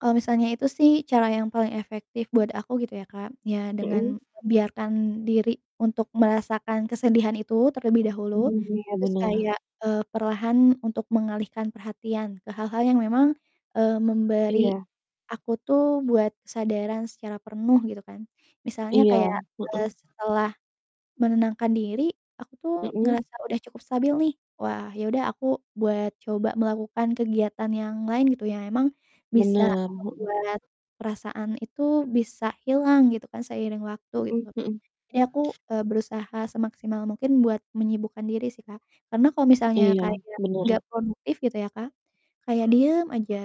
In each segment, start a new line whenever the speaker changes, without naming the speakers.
Kalau misalnya itu sih cara yang paling efektif buat aku gitu ya Kak, ya
Mhm.
dengan biarkan diri untuk merasakan kesedihan itu terlebih dahulu,
Mhm, iya,
terus
bener.
kayak, eee, perlahan untuk mengalihkan perhatian ke hal-hal yang memang, eee, memberi
Iya.
aku tuh buat kesadaran secara penuh, gitu kan. Misalnya
Iya,
kayak,
heeh.
eee, setelah menenangkan diri, aku tuh
Heeh.
ngerasa udah cukup stabil nih, wah ya udah aku buat coba melakukan kegiatan yang lain gitu, yang emang bisa
Bener, heeh.
ngebuat perasaan itu bisa hilang gitu kan, seiring waktu
Heeh
gitu.
heeh.
Jadi aku, eee, berusaha semaksimal mungkin buat menyibukkan diri sih Kak, karena kalau misalnya
Iya,
kayak
bener.
gak produktif, gitu ya Kak, kayak diem aja,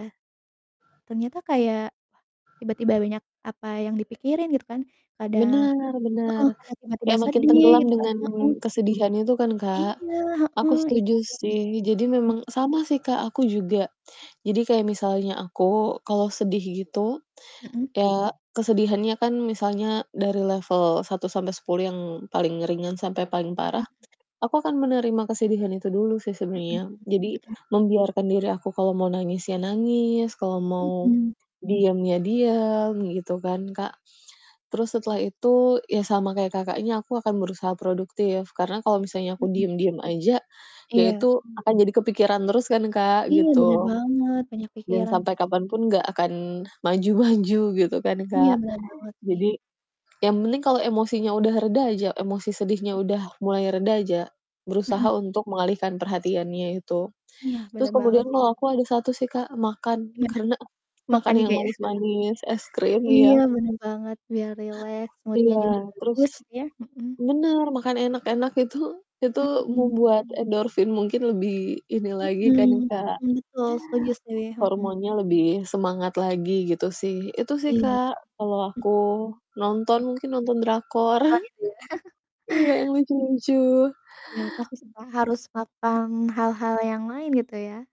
ternyata kayak wah tiba-tiba banyak, apa yang dipikirin gitu kan, kadang
Bener bener.
heeh, kadang tiba-tiba
Kayak makin
sedih,
tenggelam
gitu kan,
dengan
heeh.
kesedihannya itu kan, Kak.
Iya,
Aku
heeh, itu
setuju
sih,
sih. Jadi,
mhm.
memang sama sih Kak, aku juga, jadi kayak misalnya aku kalau sedih gitu,
Mhm.
ya kesedihannya kan misalnya dari level 1-10 yang paling ringan sampai paling
Mhm
parah.
mhm.
Aku akan menerima kesedihan itu dulu sih
Mhm mhm,
sebenernya, jadi
mhm.
membiarkan diri aku kalau mau nangis ya nangis, kalau mau
Mhm.
diem ya diem, gitu kan, Kak. Terus setelah itu ya sama kayak Kakaknya, aku akan berusaha produktif karena kalau misalnya aku
Mhm.
diem-diem aja, ya
Iya.
itu akan jadi kepikiran terus kan Kak,
Iya, bener
gitu.
banget, banyak
Dan
pikiran
sampai
pasti itu.
kapanpun nggak akan maju-maju, gitu kan,
Iya,
Kak.
bener banget sih.
Jadi, yang penting kalau emosinya udah reda aja, emosi sedihnya
Mhm.
udah mulai reda aja, berusaha
Mhm.
untuk mengalihkan perhatiannya itu.
Iya,
Terus
bener banget
kemudian
sih, Kak.
mah aku ada 1 sih Kak, makan
Gimana?
karena
Makan
makan yang
juga ya.
manis-manis, es krim,
Iya,
iya.
bener banget, biar rileks, mood-nya
Iya,
juga
terus
bagus gitu ya, mhm.
bener, makan enak-enak itu, itu
Mhm.
membuat endorfin mungkin lebih ini lagi kan,
Mhm
Kak.
mhm, betul. Setuju, sih. Mhm.
Hormonnya lebih semangat lagi, gitu sih. Itu sih
Iya,
Kak, kalo
heeh.
aku, nonton mungkin nonton drakor.
Nonton gitu ya?
Iya, yang lucu lucu.
Iya, pasti sih Kak, harus patang hal-hal yang lain, gitu ya?